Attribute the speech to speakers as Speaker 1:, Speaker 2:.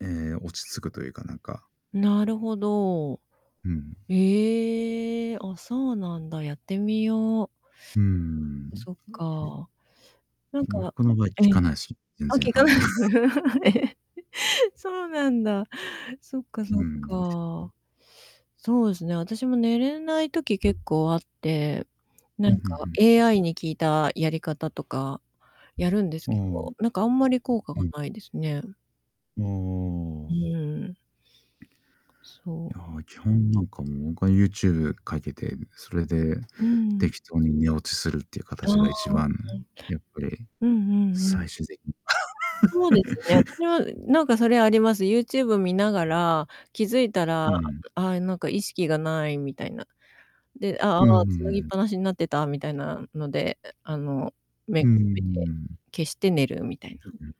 Speaker 1: ええ、落ち着くというか、なんか。
Speaker 2: なるほど。
Speaker 1: うん。
Speaker 2: ええ。あ、そうなんだ、やってみよう。
Speaker 1: うーん。
Speaker 2: そっか。なんかあ、
Speaker 1: 僕の場合、効
Speaker 2: え
Speaker 1: か
Speaker 2: え。
Speaker 1: ないす、全
Speaker 2: あ、
Speaker 1: 然
Speaker 2: 効
Speaker 1: あ
Speaker 2: か
Speaker 1: ん
Speaker 2: な
Speaker 1: ま。
Speaker 2: い。ええ。そうなんだ。そっか
Speaker 1: う
Speaker 2: そっ
Speaker 1: ん。
Speaker 2: か。
Speaker 1: う。
Speaker 2: そうですね、私も寝れない時、結構あって、な
Speaker 1: ふん
Speaker 2: ん
Speaker 1: ふんふ
Speaker 2: か
Speaker 1: ん。
Speaker 2: AI に聞いたやり方とか、やるんです
Speaker 1: ああ。う
Speaker 2: けど、なんかあんまり効果が
Speaker 1: ん。
Speaker 2: ないですね。
Speaker 1: あ
Speaker 2: う
Speaker 1: あ。
Speaker 2: ん。そ
Speaker 1: い
Speaker 2: う。
Speaker 1: や、基本なんかもう僕は、YouTube かけて、それで、
Speaker 2: うん。
Speaker 1: 適当に寝落ちするっていう
Speaker 2: あ
Speaker 1: 形が、一
Speaker 2: あ。
Speaker 1: 番やっぱり、
Speaker 2: うん。うんうんう
Speaker 1: 最
Speaker 2: ん。
Speaker 1: 終的に。
Speaker 2: そうですね。私 もなんかそれあります。YouTube 見ながら、気づいたら、
Speaker 1: うん。
Speaker 2: 「ああ、なんか意識が無い」みたいな。で「あ、あ
Speaker 1: うんうん
Speaker 2: あ、繋ぎっ
Speaker 1: うん。
Speaker 2: ぱなしになってた」みたいなので、あの、目
Speaker 1: うー
Speaker 2: が覚めて、
Speaker 1: ん。
Speaker 2: 消して寝るみたい
Speaker 1: うん
Speaker 2: な。
Speaker 1: うん。